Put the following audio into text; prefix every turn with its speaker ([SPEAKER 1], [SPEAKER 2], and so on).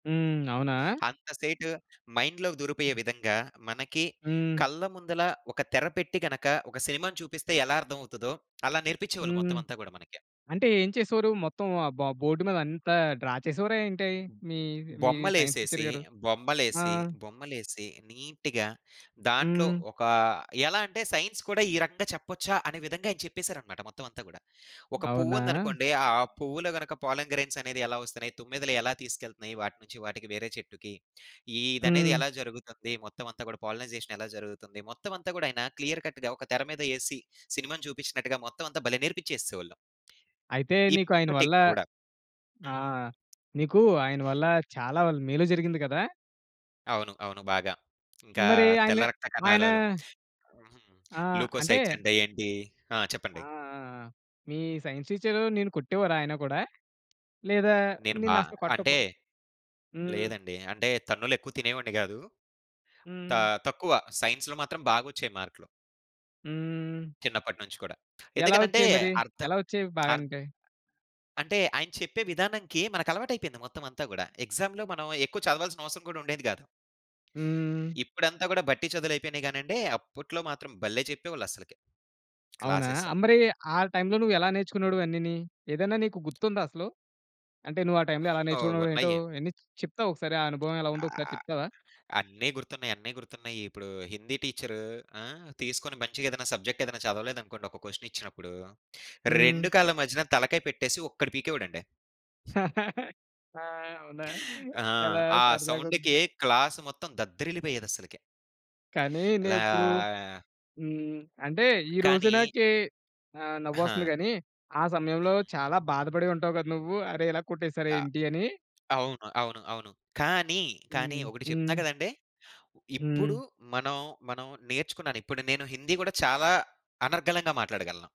[SPEAKER 1] హ్మ్. అవునా?
[SPEAKER 2] అంత సేటు మైండ్‌లోకి దూరిపోయే విధంగా మనకి,
[SPEAKER 1] హ్మ్.
[SPEAKER 2] కళ్ళ ముందల ఒక తెర పెట్టి గనక ఒక సినిమాని చూపిస్తే ఎలా అర్థం అవుతదో అలా నేర్పించేవాళ్ళు
[SPEAKER 1] హ్మ్.
[SPEAKER 2] మొత్తమంతా గూడా మనకి.
[SPEAKER 1] అంటే ఏం చేసేవారు? మొత్తం ఆ బ బోర్డ్ మీదంతా డ్రా చేసేవారా ఏంటి మీ, మీ సైన్స్ టీచర్
[SPEAKER 2] బొమ్మలేసేసి,
[SPEAKER 1] గారు? ఆ!
[SPEAKER 2] బొమ్మలేసి బొమ్మలేసి నీట్‌గా దాంట్లో
[SPEAKER 1] హ్మ్.
[SPEAKER 2] ఒకా, ఎలా అంటే సైన్స్ కూడా ఈ రకంగా చెప్పొచ్చా! అనే విధంగా ఆయన చెప్పేసారనమాట. మొత్తం అంతా గూడా. ఒక
[SPEAKER 1] అవునా!
[SPEAKER 2] పువ్వుందనుకోండి ఆ పువ్వులో గనక పాలన్ గ్రైన్స్ అనేదెలా వస్తున్నాయి, తుమ్మెదెలు ఎలా తీసుకెళ్తున్నాయి వాటినుంచి వాటికి వేరే చెట్టుకి. ఈదనేది
[SPEAKER 1] హ్మ్.
[SPEAKER 2] ఎలా జరుగుతుంది మొత్తమంతా గూడా పాలినైజేషన్ ఎలా జరుగుతుంది. మొత్తం అంతా గూడా ఆయన క్లియర్ కట్‌గా ఒక తెర మీదేసి సినిమాని చూపించినట్టుగా మొత్తం అంతా భలే నేర్పించేసేవాళ్ళు.
[SPEAKER 1] అయితే నీకు ఆయన వల్ల
[SPEAKER 2] ఇప్పటికి గూడా.
[SPEAKER 1] ఆ!
[SPEAKER 2] హ్మ్.
[SPEAKER 1] నీకు ఆయన వల్ల చాలా మేలు జరిగింది గదా!
[SPEAKER 2] అవును. అవును. బాగా ఇంకా
[SPEAKER 1] మరి ఆయన
[SPEAKER 2] తెల్ల రక్త
[SPEAKER 1] ఆయనా
[SPEAKER 2] కణాలలో హుహు.
[SPEAKER 1] ఆ! అంటే
[SPEAKER 2] లూకోసైట్స్ అంటే ఏంటీ ఆ!
[SPEAKER 1] ఆ!
[SPEAKER 2] చెప్పండి.
[SPEAKER 1] ఆ! ఆ! మీ సైన్స్ టీచరు నిన్ను కొట్టేవారా? ఆయనా గూడా! లేదా
[SPEAKER 2] నేను బా
[SPEAKER 1] నిన్నసలు కొట్ట కో
[SPEAKER 2] అంటే
[SPEAKER 1] హ్మ్.
[SPEAKER 2] లేదండి. అంటే తన్నులెక్కువ తినేవాడిని కాదు. తా
[SPEAKER 1] హ్మ్.
[SPEAKER 2] తక్కువ సైన్స్‌లో మాత్రం బాగొచ్చేయి మార్క్‌లు.
[SPEAKER 1] హ్మ్.
[SPEAKER 2] చిన్నపట్నుంచి కూడా.
[SPEAKER 1] ఎలా
[SPEAKER 2] ఎందుకనంటే,
[SPEAKER 1] వచ్చేయి మరి?
[SPEAKER 2] అర్థం
[SPEAKER 1] ఎలా వచ్చేవి
[SPEAKER 2] అర్థ్
[SPEAKER 1] బాగంటే?
[SPEAKER 2] అంటే ఆయన చెప్పే విధానంకి మనకలవాటయిపోయింది. మొత్తం అంతా గూడా. ఎగ్జా‌మ్‌లో మనం ఎక్కువ చదవాల్సినవసరం గూడా ఉండేది కాదు.
[SPEAKER 1] హ్మ్.
[SPEAKER 2] ఇప్పుడంతా గూడా బట్టి చదువులయిపోయినాయి గానండి. అప్పుట్లో మాత్రం భలే చెప్పేవాళ్ళస్సలకి.
[SPEAKER 1] అవునా!
[SPEAKER 2] క్లాసె‌స్.
[SPEAKER 1] ఆహ్, మరీ ఆ టైమ్‌లో నువ్వెలా నేర్చుకునేవాడివి అన్నీని? ఏదన్నా నీకు గుర్తుందా అసలు? అంటే నువ్వా టైమ్‌లో
[SPEAKER 2] హ్మ్.
[SPEAKER 1] ఎలా
[SPEAKER 2] గో
[SPEAKER 1] నేర్చుకునేవాడివో ఏంటో,
[SPEAKER 2] ఉన్నయ్యి.
[SPEAKER 1] అయన్ని చెప్తావకసారి? ఆ అనుభవం ఎలా ఉందో ఒకసారి
[SPEAKER 2] ఆహ్,
[SPEAKER 1] చెప్తావా?
[SPEAKER 2] అన్నీ గుర్తున్నయి, అన్నీ గుర్తున్నాయిప్పుడు. హిందీ టీచరూ ఆ! తీసుకొని మంచిగేదైనా సబ్జెక్టేదైనా చదవలేదనుకోండి ఒక క్వెషనిచ్చినప్పుడూ, 2
[SPEAKER 1] హ్మ్.
[SPEAKER 2] కాళ్ళ మధ్యన తలకాయ పెట్టేసి ఒక్కటి పీకేవాడండి.
[SPEAKER 1] ఆ! అవునా?
[SPEAKER 2] ఆ!
[SPEAKER 1] చాలా
[SPEAKER 2] ఆ సౌండ్‌కి
[SPEAKER 1] సరదాగుంది.
[SPEAKER 2] క్లాస్ మొత్తం దద్దరిల్లిపోయేదస్సలకి.
[SPEAKER 1] కానీ
[SPEAKER 2] ఇలా
[SPEAKER 1] నేనిప్పుడు హ్మ్. అంటే ఈరోజు
[SPEAKER 2] కానీ
[SPEAKER 1] నాకే ఆహ్, నవ్వొస్తుంది
[SPEAKER 2] హా!
[SPEAKER 1] గానీ ఆ సమయంలో
[SPEAKER 2] హ్మ్.
[SPEAKER 1] చాలా బాధపడి ఉంటావు కదా! నువ్వు అరే! ఇలా
[SPEAKER 2] ఆ!
[SPEAKER 1] కొట్టేసారేంటి అని?
[SPEAKER 2] అవును. అవును. అవును. కానీ, కానీ
[SPEAKER 1] హ్మ్.
[SPEAKER 2] ఒకటి
[SPEAKER 1] హ్మ్.
[SPEAKER 2] చెప్తా గదండీ! ఇప్పుడు
[SPEAKER 1] హ్మ్.
[SPEAKER 2] మనం, మనం నేర్చుకున్నాను. ఇప్పుడు నేను హిందీ గూడా చాలా అనర్గళంగా మాట్లాడగలను.